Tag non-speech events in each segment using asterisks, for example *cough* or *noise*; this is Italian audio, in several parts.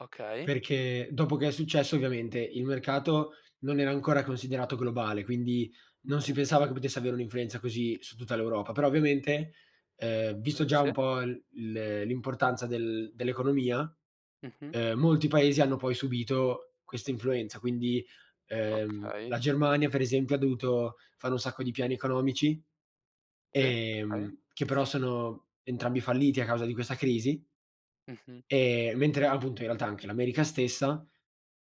Okay. Perché dopo che è successo, ovviamente, il mercato non era ancora considerato globale, quindi non si Mh-mh. pensava che potesse avere un'influenza così su tutta l'Europa. Però ovviamente, ehm visto Ehm, già sì. un po' l l'importanza del dell'economia, Mh-mh. ehm, molti paesi hanno poi subito questa influenza. Quindi, ehm, Okay. la Germania per esempio dovuto fanno un sacco di piani economici, Sì t okay. ehm, che però sono entrambi falliti a causa di questa crisi. Mh-mh. E mentre appunto in realtà anche l'America stessa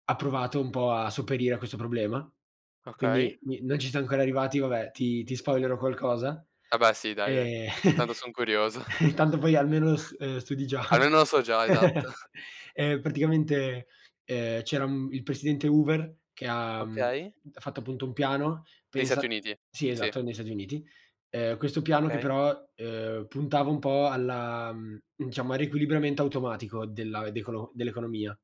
ha provato un po' a sopperire a questo problema. Okay. Quindi mi non ci siam ancora arrivati, vabbè, ti ti spoilero qualcosa. Ah beh sì dai, dai, Ehm tanto *chuckles* son curioso. *chuckles* intanto poi almeno s studi già. Almeno lo so già, esatto. *chuckles* *chuckles* Ehm, praticamente, ehm, c'era il presidente Hoover che ha mhmm, Okay. ha fatto appunto un piano, Dei Stati pensa Uniti, Sì, sì. esatto, negli Stati Uniti. Ehm questo piano che Okay. però, ehm, puntava un po' alla mhmm, diciamo, al riequilibriamento automatico della decolo dell'economia.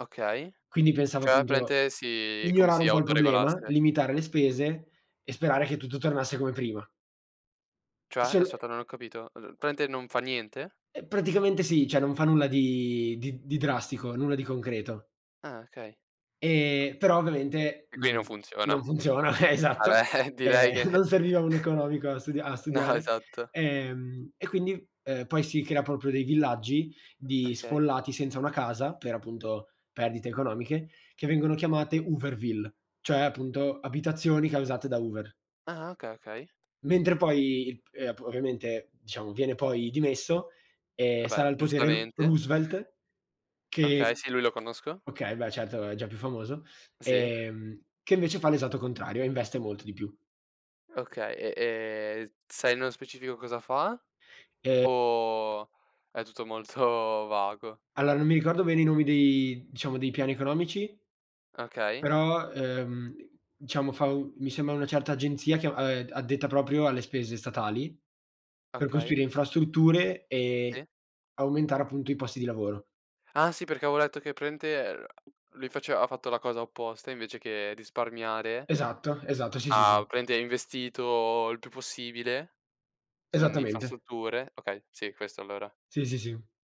Okay. Quindi pensavo Cioè appunto, praticamente si come migliorare si un po' il problema, autoregolasse. limitare le spese e sperare che tutto tornasse come prima. E Cioè sol e aspetta non ho capito, ehm, praticamente non fa niente? Eh praticamente sì, cioè, non fa nulla di di d di drastico, nulla di concreto. Ah okay. Ehm però ovviamente Quindi non non funziona. non funziona, *chuckles* esatto. Vabbè *chuckles* direi Ehm, *chuckles* che non serviva un economico a stu a *chuckles* no, studiare. esatto. Ehm, e quindi poi si crea proprio dei villaggi, di Okay. sfollati senza una casa, per appunto perdite economiche, che vengono chiamate Hooverville, cioè appunto abitazioni causate da Hoover. Ah okay, okay. Mentre poi il p ehm, ovviamente diciamo viene poi dimesso, ehm, Vabbè, sale oh al potere Ro giustamente. Roosevelt Okay, che sì, lui lo conosco. okay, beh, certo è già più famoso, Sì. ehm, che invece fa l'esatto contrario, e investe molto di più. Okay, e e sai nello specifico cosa fa Ehm o è tutto molto vago? Alla non mi ricordo bene i nomi dei diciamo dei piani economici Okay. però, ehm, diciamo fa mi sembra una certa agenzia che, ehm, addetta proprio alle spese statali per Okay. costruire infrastrutture e Sì. aumentare appunto i posti di lavoro. Ah sì perché avevo letto che praticamente ehm, lui faceva ha fatto la cosa opposta invece che risparmiare, Esatto, esatto, sì, sì, ha sì. praticamente investito il più possibile in Esattamente. infrastrutture. Okay, sì questo allora. Sì, sì, sì.